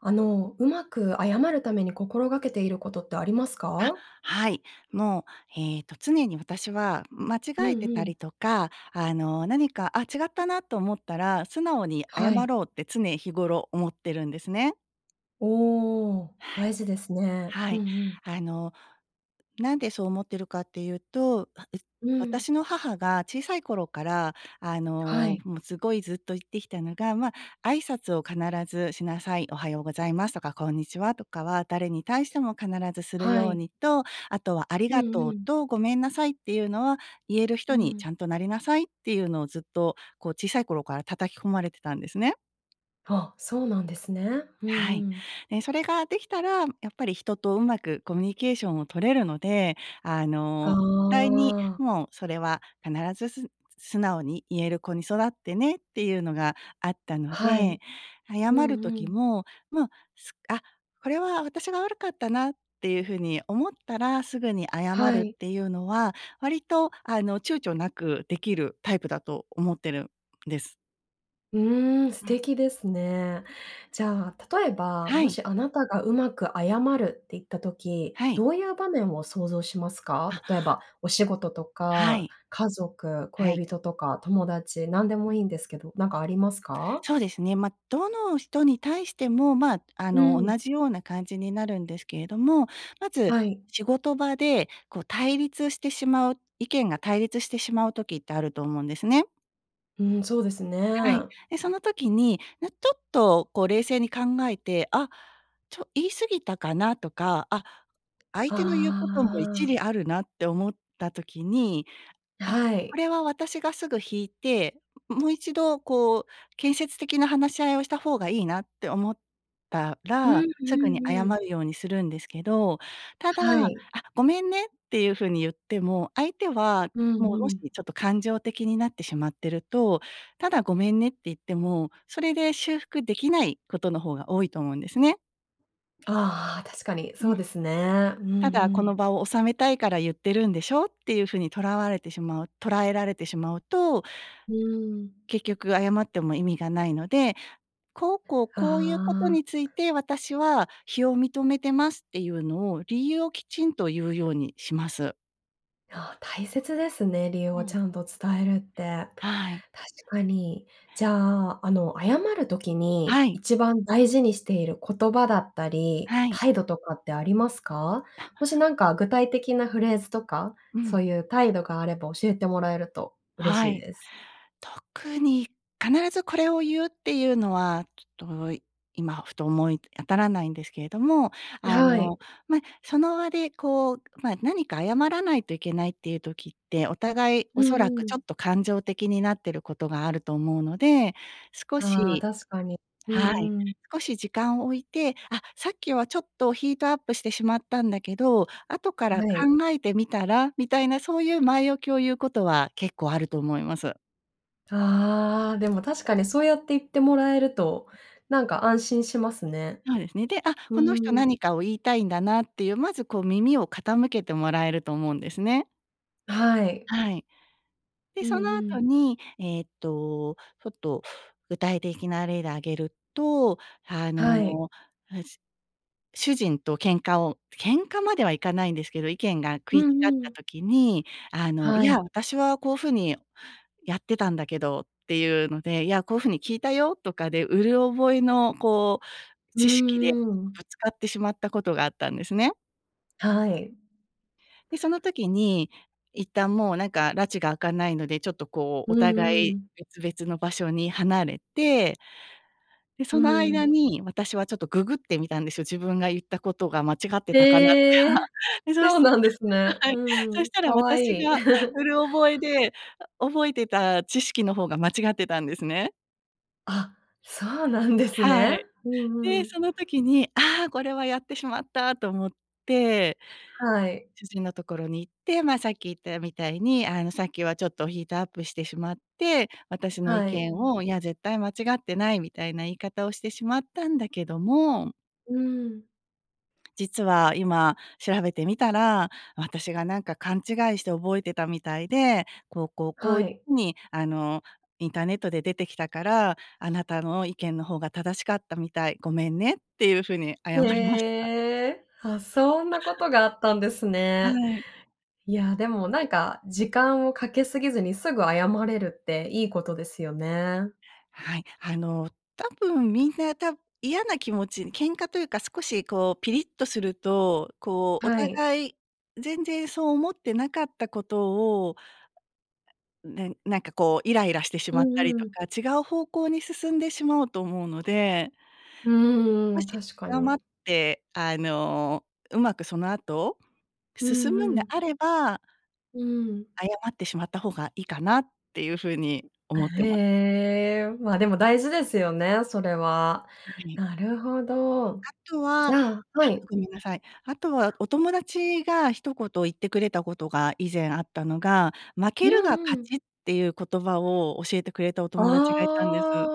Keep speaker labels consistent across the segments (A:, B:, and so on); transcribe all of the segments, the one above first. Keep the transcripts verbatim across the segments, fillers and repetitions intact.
A: あの、うまく謝るために心がけていることってあります
B: あ、
A: か？
B: はい。もう、えっと、常に私は、うん、間
A: うんう
B: 違えてた
A: ん。
B: りとか、あの、なにか「あ、違ったな」と思ったら「素直に謝
A: はい。
B: ろう」って、常日頃思ってるんですね。
A: おお、
B: はい。
A: 大事ですね。
B: は
A: うんう
B: い。
A: ん。
B: あの、なんでそう思ってるかっていうと、あ、う
A: うん。
B: 私の母が、小さい頃から、あ
A: は
B: の、
A: い。
B: もうすごいずっと言ってきたのが、まあ、「挨拶を必ずしなさい。おはようございますとか、こんにちはとかは、誰に対しても必ずする
A: は
B: よう
A: い。
B: に」と、あとは、「あり
A: う
B: が
A: んう
B: とう
A: ん。
B: と、ごめんなさいっていうのは、言える
A: う
B: 人に
A: ん。
B: ちゃんとなりなさい」っていうのをずっと、こう、小さい頃から叩き込まれてたんですね。
A: あ、そうなんですね。うん、う
B: はい。
A: ん。
B: え、それができたら、やっぱり人と上手くコミュニケーションを取れるので、あ
A: が
B: の、ったいに、
A: あ。
B: もうそれは必ず、すん素直に言える子に育ってねっていうのがあったの
A: はい。
B: で、謝
A: う
B: る
A: んう
B: 時
A: ん。
B: も、まあ、す「あ、これは私が悪かったな」っていう風に思ったらすぐに謝
A: は
B: るっ
A: い。
B: ていうのは、割と、あの、躊躇なくできるタイプだと思ってるんです。
A: うーん、素
B: うん。
A: 敵ですね。じゃあ、例えば、
B: は
A: も
B: い。
A: しあなたがうまく謝るって言った時、
B: はい。
A: どういう場面を想像しますか？
B: あ。
A: 例えば、お仕事と
B: は
A: か、
B: い。
A: 家族、
B: はい。
A: 恋人とか友達、何で
B: う
A: も
B: ん。
A: いいんですけど、なんかありますか？
B: そうですね。ま、どの人に対しても、ま、あ
A: う
B: の、
A: ーん。
B: 同じような感じになるんですけれども。まず、
A: はい。
B: 仕事場で、こう、対立してしまう意見が対立してしまう時ってあると思うんですね。
A: うん、そうですね。
B: はい。で、その時に、なちょっと、こう、冷静に考えて「あ、ちょ、言い過ぎたかな？」とか「あ、相手の言うことも
A: あ
B: 一
A: あ。
B: 理あるな」って思った時に、あ、
A: は
B: こ
A: い。
B: れは私がすぐ引いて、ももう一度こう、建設的な話し合いをした方がいいなって思った
A: うん
B: ら、
A: う
B: すぐに
A: んう
B: 謝
A: ん。
B: るようにするんですけど。ただ、
A: は
B: あ、
A: い。
B: ごめんねっていう風に言っても、相手は、
A: うんう
B: もう、もし、
A: ん。
B: ちょっと感情的になってしまってると、ただ、ごめんねって言っても、それで修復できないことの方が多いと思うんですね。
A: ああ、確かにそ
B: う
A: う
B: ん。
A: ですね。うんう
B: ただ、この
A: ん。
B: 場を収めたいから言ってるんでしょっていう風にとらわれてしまう捉えられてしまうと、
A: うーん。
B: 結局謝っても意味がないので、こうこう、
A: あ
B: こういうことについ
A: あ。
B: て私は非を認めてますっていうのを、理由をきちんと言うようにします。
A: ああ、大切ですね、理由
B: う
A: をち
B: ん。
A: ゃんと伝えるって。
B: はい。
A: 確かに。じゃあ、あの、謝る時
B: は
A: に
B: い。
A: 1番大事にしている言葉だったり、
B: はい。
A: 態度とかってありますか？もしなんか具体的なフレーズとか、
B: う
A: そ
B: ん。
A: ういう態度があれば教えてもらえると嬉
B: は
A: しい
B: い。
A: です。
B: 特に、必ずこれを言うっていうのは、ちょっと、今ふと思い当たらないんですけれども、あ
A: はい。
B: の、ま、その場で、こう、まあ、何か謝らないといけないっていう時って、お互い、
A: う
B: おそら
A: ん
B: く
A: う
B: ち
A: ん。
B: ょっと感情的になってることがあると思うので、少
A: ああ、
B: し
A: 確かに。う
B: はい。
A: んうん。
B: 少し時間を置いて、あ、さっきはちょっとヒートアップしてしまったんだけど、後から
A: はい。
B: 考えてみたら、みたいな、そういう前置きを言うことは結構あると思います。
A: ああ、でも確かにそうやって言ってもらえると、なんか安心しますね。
B: そうですね。で、あ、
A: う
B: この人
A: ーん。
B: 何かを言いたいんだなっていう、まずこう、耳を傾けてもらえると思うんですね。
A: はい。
B: はい。で、
A: うん
B: そのあ
A: う
B: と
A: ん。
B: に、えっと、ちょっと具体的な例で挙げると、あ
A: はい。
B: の、あ、しゅ主人と喧嘩を喧嘩まではいかないんですけど、意見が食
A: う
B: い違っ
A: んう
B: た
A: ん。
B: 時に、あの、「い
A: は
B: や、
A: い。
B: 私はこう風にやってたんだけど」って言うので、「いや、こう風に聞いたよ」とかで、うる覚えのこう、
A: う
B: 知識で
A: ーん。
B: ぶつかってしまったことがあったんですね。
A: はい。
B: で、その時に、一旦もう、なんか埒が明かないので、ちょっとこう
A: う
B: お
A: んう
B: 互い
A: ん。
B: 別々の場所に離れてで、
A: う
B: その間
A: ん。
B: に私はちょっとググってみたんですよ、自分が言ったことが間違ってたかなって
A: へ
B: は
A: え、
B: あ。で、そ
A: そ
B: し
A: う
B: て
A: なんですね。
B: ははい。そ
A: う
B: し
A: ん、
B: た
A: 可
B: ら私
A: 愛い。
B: が うる覚えで、あ覚えてた知識の方が間違ってたんですね。
A: あ、そうなんです
B: は
A: ね。
B: い。
A: うんう
B: で、
A: ん。
B: その時に、ああ、これはやってしまったと思って
A: はい。
B: 主人のところに行って、ま、さっき言ったみたいに、「あの、さっきはちょっとヒートアップしてしまって、私の意
A: はい。
B: 見を、『いや、絶対間違ってない』みたいな言い方をしてしまったんだけども」
A: うーん。
B: 「実は、今調べてみたら私がなんか勘違いして覚えてたみたいで、こう、こう、
A: は
B: こい
A: い。
B: ふに、あの、インターネットで出てきたから、あなたの意見の方が正しかったみたい、ごめんね」っていう風に謝りました。
A: へえ、あ、そんなことがあったんです
B: は
A: ね。
B: い。
A: いや、でも、なんか、時間をかけすぎずにすぐ謝れるっていいことですよね。
B: はい。あの、多分みんな、た嫌な気持ち、喧嘩というか、少しこうピリッとすると、こう、お
A: はい。
B: 互い、全然そう思ってなかったことを、なんなんか、こう、イライラしてし
A: う
B: まったり
A: んう
B: と
A: ん。
B: か、違う方向に進んでしまうと思うので、
A: うーん、
B: も
A: うん、
B: し
A: 確か
B: 謝
A: に。
B: って、あの、うまくそのあと？
A: う
B: 進
A: ん、
B: む
A: う
B: んで
A: ん。
B: あれば
A: うん。
B: 謝ってしまった方がいいかなっていう風に
A: あ、
B: 思って
A: へ
B: ま
A: え、まあ、でも大事ですよね、それは。
B: はい。
A: なるほど。
B: あとは
A: じ
B: あ、
A: ゃあはい。
B: ごめんなさい。あとは、お友達が一言言ってくれたことが以前あったのが「負
A: う
B: けるが
A: ん、う
B: 勝
A: ん。
B: ち」っていう言葉を教えてくれたお
A: あ
B: 友達がいたんです。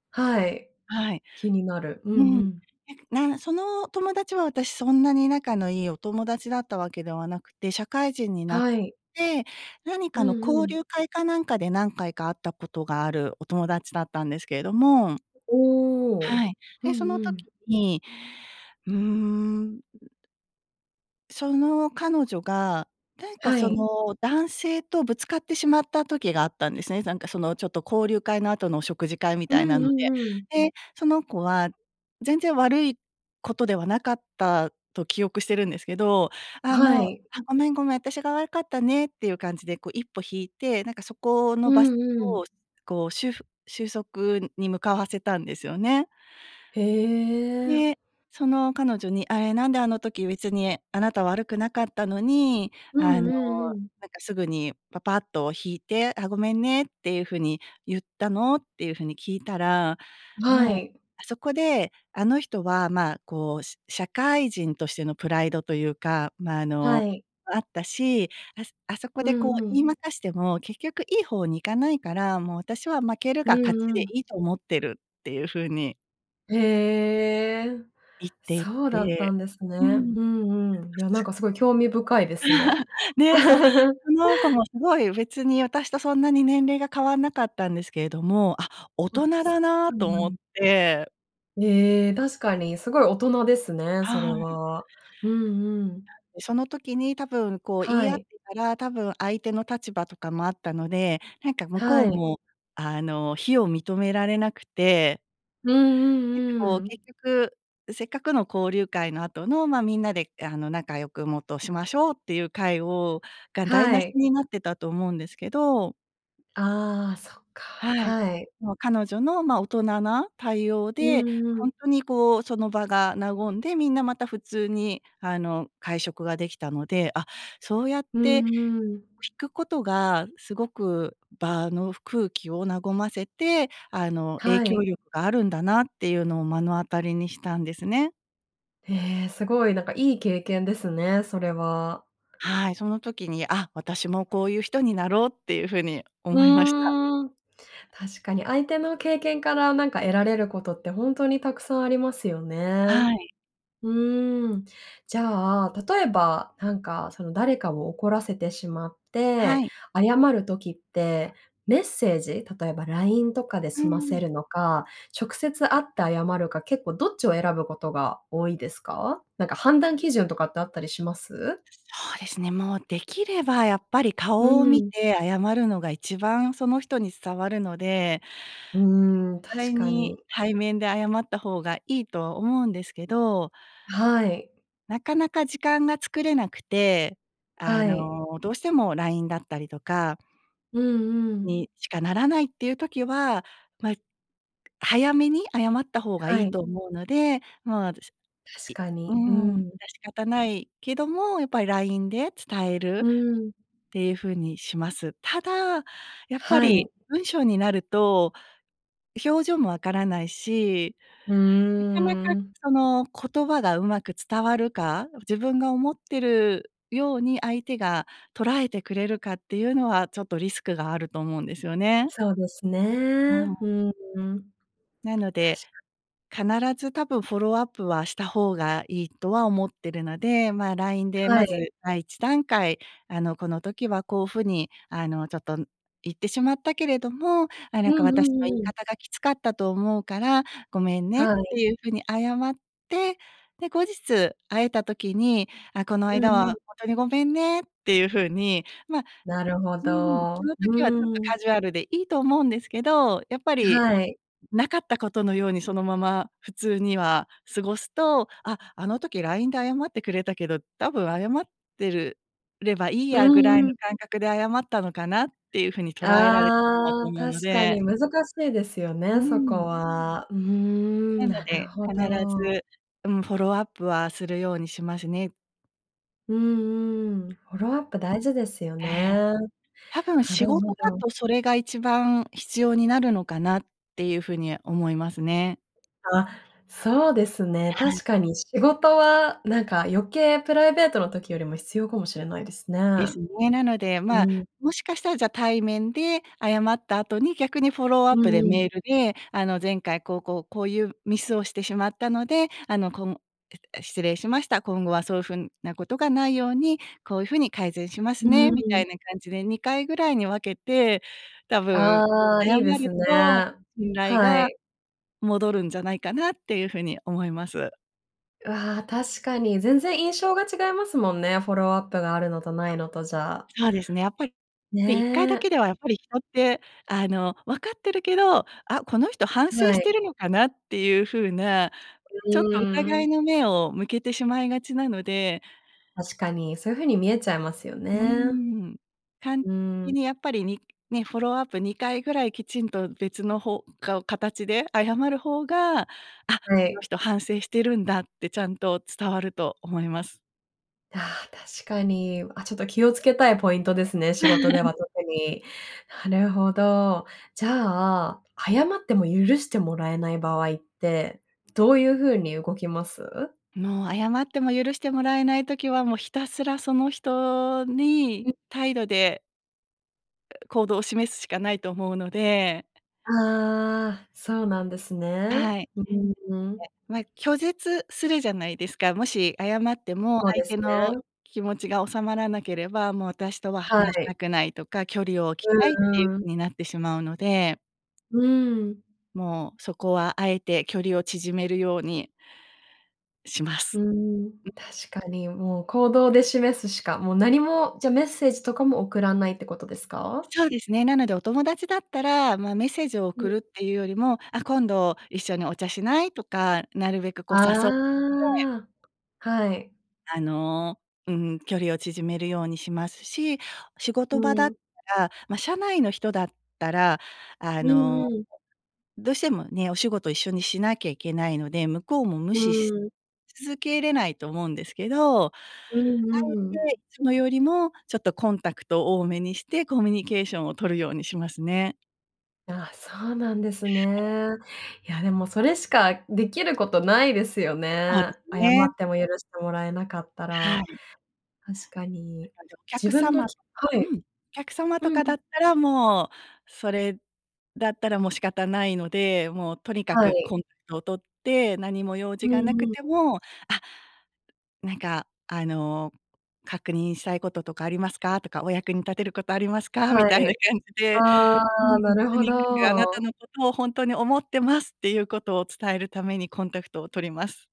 A: あ、はい、
B: はい。
A: 気になる。うん、
B: うん。
A: うん。
B: なんか、なその友達は、私、そんなに仲のいいお友達だったわけではなくて、社会人になっ
A: はい。
B: て、なに
A: う
B: かの
A: んう
B: 交
A: ん。
B: 流会かなんかで、何回か会ったことがあるお友達だったんですけれども
A: お
B: は
A: お。
B: い。
A: う
B: で、そ
A: ん
B: の
A: うん。
B: 時に、うーんその彼女が、なんか
A: は
B: そ
A: い。
B: の、男性とぶつかってしまった時があったんですね、なんかその、ちょっと、交流会の後の食事会み
A: う
B: たい
A: ん
B: な
A: う
B: ので。
A: んうん。
B: で、その子は全然悪いことではなかったと記憶してるんですけど「ああ、
A: は
B: もう、
A: い。
B: あ、ごめん、ごめん、私が悪かったね」っていう感じで、こう、一歩引いて、なんか、そこの
A: う
B: 場所
A: ん、うん。
B: を、こう、しゅうふ収束に向かわせたんですよね。
A: へえ。
B: で、その彼女に「あえ、なんであの時別にあなた悪くなかったのに、
A: う
B: あ
A: ん、
B: の、
A: うん、うん。
B: なんかすぐにパパッと引いて、『あ、ごめんね』っていう風に言ったの？」っていう風に聞いたら
A: は
B: 「もう、
A: い。
B: あそこで、あの人はまあ、こう、しゃ社会人としてのプライドというか、まあ、あ
A: は
B: の、
A: い。
B: あったし、あすあそこ
A: う
B: でこ
A: ん、
B: う、
A: う
B: 言
A: ん。
B: い負かしても結局いいほうに行かないから、もう私は負ける
A: う
B: が勝
A: ん、
B: ち
A: う
B: で
A: ん。
B: いいと思ってる」っていう風に
A: へえ、
B: 言ってい
A: そうだった
B: て。
A: んです
B: う
A: ね。
B: ん。
A: うん、うん。いや、なん
B: [unintelligible]
A: か、すごい興味深いですね。
B: ねえ、そう。その子も、すごい、別に、私とそんなに年齢が変わんなかったんですけれども「あ、大
A: わ！
B: 人
A: すか
B: だな」
A: うん
B: と
A: う
B: 思っ
A: ん。
B: て。
A: ええ、確かにすごい大人ですね、そ
B: は
A: れ
B: い。
A: は。うんうん。
B: で、その時に多分こう、言
A: は
B: い合って
A: い。
B: たら、多分、相手の立場とかもあったので、なんか向こ
A: は
B: う
A: い。
B: もあの、非を認められなくて。
A: うん
B: なんか
A: うんう
B: こう、
A: ん。
B: 結局、せっかくの交流会の後の、ま、みんなであの仲良く、もっとしましょうっていう会をが台
A: は
B: 無し
A: い。
B: になってたと思うんですけど。
A: ああ、そっか、
B: はい。
A: はい。
B: もう彼女の、ま、大人な対応
A: う
B: で、
A: んう
B: ほ
A: ん。
B: んとにこう、その場が和んで、みんなまた普通に、あの会食ができたので、あ、そうやっ
A: う
B: て引
A: んうん。
B: くことが、すごく場のふ空気を和ませて、あの影
A: は
B: 響
A: い。
B: 力があるんだなっていうのを目の当たりにしたんですね。
A: ええ、すごい、なんかいい経験ですね、それは。
B: はい、その時に「あ、私もこういう人になろう」っていう風に
A: う
B: 思いました。
A: ーん、確かに相手の経験から何か得られることって、ほんとにたくさんありますよね。
B: はい。
A: うーん。じゃあ、例えば、なんかその誰かを怒らせてしまっ
B: は
A: て、
B: い。
A: 謝る時って、メッセージ、例えば LINE とかで
B: う
A: 済ませ
B: ん。
A: るのか、直接会って謝るか、結構どっちを選ぶことが多いですか？なんか、判断基準とかってあったりします？
B: そうですね、もうできればやっぱり、
A: う
B: 顔を見
A: ん。
B: て謝るのが一番その人に伝わるので
A: うーん、
B: お互
A: 確
B: い
A: か
B: に
A: に。
B: 対面で謝った方がいいとは思うんですけど。
A: はい。
B: なかなか時間が作れなくて、あ
A: はい。
B: の、どうしても LINE だったりとか
A: うんうん。
B: にしかならないっていう時は、ま、早めに謝った方が
A: は
B: いい
A: い。
B: と思うので、ま、私い
A: 確か
B: う
A: に、う
B: ん、致
A: ん。
B: し方ないけども、やっぱり LINE で伝え
A: う
B: るっ
A: ん。
B: ていう風にします。ただ、やっぱ
A: は
B: り
A: い。
B: 文章になると、表情も分からないし、
A: うー
B: なかなか
A: ん。
B: その言葉が上手く伝わるか、自分が思ってるように相手が捉えてくれるかっていうのは、ちょっとリスクがあると思うんですよね。
A: そうですね、
B: う
A: う
B: ん。
A: ーん、
B: なの
A: た
B: で、
A: し [unintelligible]
B: 必ず多分フォローアップはした方がいいとは思ってるので、ま、LINE で
A: は
B: ま
A: い。
B: ず第一段階、あの、「この時はこう風にあの、ちょっと言ってしまったけれども、あ、な
A: う
B: んか
A: ん
B: 私
A: う
B: の言い
A: んうん。
B: 方がきつかったと思うから、ごめんね」っ
A: はい。
B: ていう風に謝って、で、後日、会えた時に、「あ、この
A: う
B: 間
A: ん
B: は
A: うん。
B: ほんとにごめんね」っていう風に、ま
A: なるほ
B: うんうん、
A: ど。
B: その
A: う
B: 時はちょっと
A: ーん。
B: カジュアルでいいと思うんですけど、やっぱり
A: はい。
B: なかったことのように、そのまま普通には過ごすと、「あ、あの時 LINE で謝ってくれたけど、多分謝ってるればいい
A: う
B: やぐらい
A: んう
B: の
A: ん。
B: 感覚で謝ったのかな」っていう風に捉えられてしまう
A: あ
B: と
A: あ、
B: 思う
A: 確
B: の
A: か
B: で。
A: に難しいですよね、
B: う
A: そこ
B: ん。
A: は。うー
B: な
A: ん、
B: の
A: なる
B: で、
A: ほ
B: 必
A: ど。
B: ず、うん、フォローアップはするようにしますね。
A: うんうん。フォ
B: [unintelligible]
A: ローアップ大事ですよ
B: え
A: ね。
B: え。
A: な
B: 多分、
A: る
B: 仕
A: ほ
B: 事だ
A: ど。
B: とそれが一番必要になるのかなっていう風に思いますね。
A: あ、そうですね。
B: はい。
A: 確かに仕事は、なんか、余計プライベートの時よりも必要かもしれないですね。
B: ですね。なので、まあ、
A: うん。
B: もしかしたら、じゃ、対面で謝った後に、逆にフォローア
A: う
B: ップで
A: んう
B: メ
A: ん。
B: ールで、あの、前回こう、こう、こういうミスをしてしまったので、あの、こむえ、失礼しました。今後はそういうふんなことがないように、こういう風に改善しま
A: う
B: すね、
A: ー
B: みた
A: ん。
B: いな感じで、にかいぐらいに分けて、多分
A: ああ、い
B: 謝
A: い
B: る
A: ですね。
B: と、信頼
A: は
B: が
A: い。
B: 戻るんじゃないかなっていう風に思います。
A: わ、確かに。全然印象が違いますもんね。フォローアップがあるのとないのとじゃ。
B: そうですね、やっぱり。で、いっかいだ
A: ね。
B: けでは、やっぱり人って、あの、分かってるけど、あ、この人反省
A: は
B: し
A: い。
B: てるのかなっていう風な、ちょっ
A: う
B: と
A: ー
B: 疑
A: ん。
B: いの目を向けてしまいがちなので。
A: 確かに、そういう風に見えちゃいますよ
B: うー
A: ね。
B: ん。たん
A: うー
B: い
A: ん。
B: にやっぱりににフォローアップにかいぐらいきちんと別の方がお形で謝る方が、あ、
A: は
B: この
A: い。
B: 人反省してるんだってちゃんと伝わると思います。
A: ああ、確かに。あ、ちょっと気を付けたいポイントですね、仕事で は特に。なるほど。じゃあ、謝っても許してもらえない場合って、どういう風に動きます？
B: もう、謝っても許してもらえない時は、もうひたすら、その人
A: う
B: に
A: ん。
B: 態度で行動を示すしかないと思うので。
A: ああ、そうなんですね。
B: はい。ね、
A: うん、うーん。
B: ま、拒絶するじゃないですか。もし謝っても、
A: そうで
B: 相
A: す
B: 手の
A: ね。
B: 気持ちが収まらなければ、もう私とは
A: は
B: 話し
A: い。
B: たくないとか、距離を置きたいっ
A: う
B: ていう
A: ん、うん。
B: 風になってしまうので。
A: うーん。
B: もうそこは、あえて距離を縮めるようにしま
A: う
B: す。
A: ーん、
B: うん。
A: 確かに。もう行動で示すしかもう何も、じゃ、メッセージとかも送らないってことですか？
B: そうですね。なので、お友達だったら、ま、メッセージを
A: う
B: 送
A: ん。
B: るっていうよりも、あ、今度一緒にお茶しない？とか、なるべくこう誘って
A: ああ、はい。
B: あの、うん。距離を縮めるようにしますし、仕
A: う
B: 事場だっ
A: ん。
B: たら、ま、社内の人だったら、あ
A: うん
B: の、
A: うん。
B: どうしてもね、お仕事一緒にしなきゃいけないので、向こうも無
A: う
B: 視し
A: ーん。
B: し続けれないと思うんですけど。あ
A: うんうんう
B: え
A: ん。
B: て、いつもよりも、ちょっとコンタクトを多めにして、コミュニケーションを取るようにしますね。
A: いや、そうなんですね。いや、でもそれしかできることないですよ
B: そうで
A: ね、
B: す
A: 謝
B: ね。
A: っても許してもらえなかった
B: は
A: ら、
B: い。
A: 確か
B: あ
A: に。
B: の、お
A: 自
B: 客
A: 分の
B: 様と
A: き
B: か
A: はい、
B: うん、客様と
A: う
B: かだ
A: ん。
B: ったらもう、それだったらもう仕方ないので、もうとにか
A: は
B: く
A: い。
B: コンタクトを取って、何も用
A: う
B: 事がな
A: ん
B: く
A: うん。
B: ても、あっ、なんか、あの、確認したいこととかありますか？とか、お役に立てることありますか？み
A: は
B: たいな
A: い。
B: 感じで、う
A: ああ、
B: ん、と
A: なるほ
B: にかくあなた
A: ど。
B: のことをほんとに思ってますっていうことを伝えるためにコンタクトを取ります。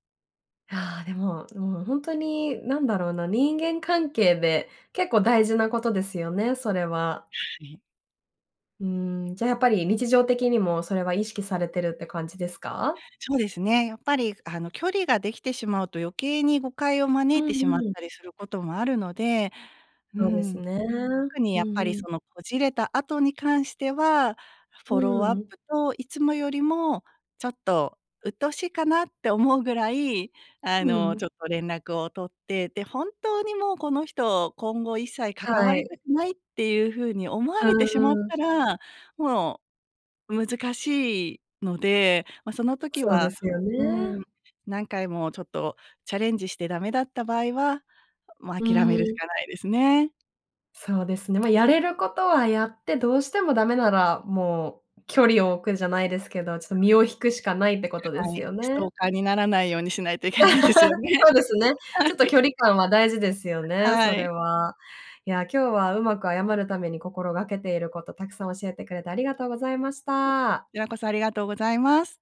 A: あ、でも、もうほんとに何だろうな、人間関係で結構大事なことですよね、それは。
B: はい。
A: うーん、じゃ、やっぱり日常的にもそれは意識されてるって感じですか？
B: そうですね、やっぱり、あの、距離ができてしまうと余計に誤解を招
A: う
B: いてしまっ
A: んうん。
B: たりすることもあるので、う
A: そうです
B: ん。
A: ね。
B: 特に
A: う
B: やっぱり
A: んうん。
B: そのこじれた後に関しては、
A: う
B: フォローアッ
A: ん。
B: プと、いつもよりもちょっとうっとうしいかなって思うぐらい、あ
A: うん
B: の、
A: ん。
B: ちょっと連絡を取って、で、本当にもうこの人、今後一切関わ
A: は
B: りた
A: い。
B: くないっていうふうに思わ
A: う
B: れてしまっ
A: んうん。
B: たら、もう、難しいので、ま、その時
A: そうで
B: は
A: すよ
B: う
A: ね。
B: ん、何回もちょっとチャレンジしてダメだった場合はもう
A: う
B: 諦めるし
A: ん。
B: かないですね。
A: そうですね。ま、やれることはやって、どうしてもダメならもう距離を置くじゃないですけど、ちょっ
B: そうです
A: と身を引くしかないってことで
B: ね。は
A: す
B: い、
A: よ
B: ス
A: ね。
B: トーカーにならないようにしないといけないですよ ね。
A: そうですね、
B: は
A: ち
B: い。
A: ょっと距離感は大事ですよね、
B: は
A: それ
B: い。
A: は。いや、今日はうまく謝るために心がけていること、たくさん教えてくれてありがとうございまし
B: [unintelligible] こ
A: た。
B: ちらこそありがとうございます。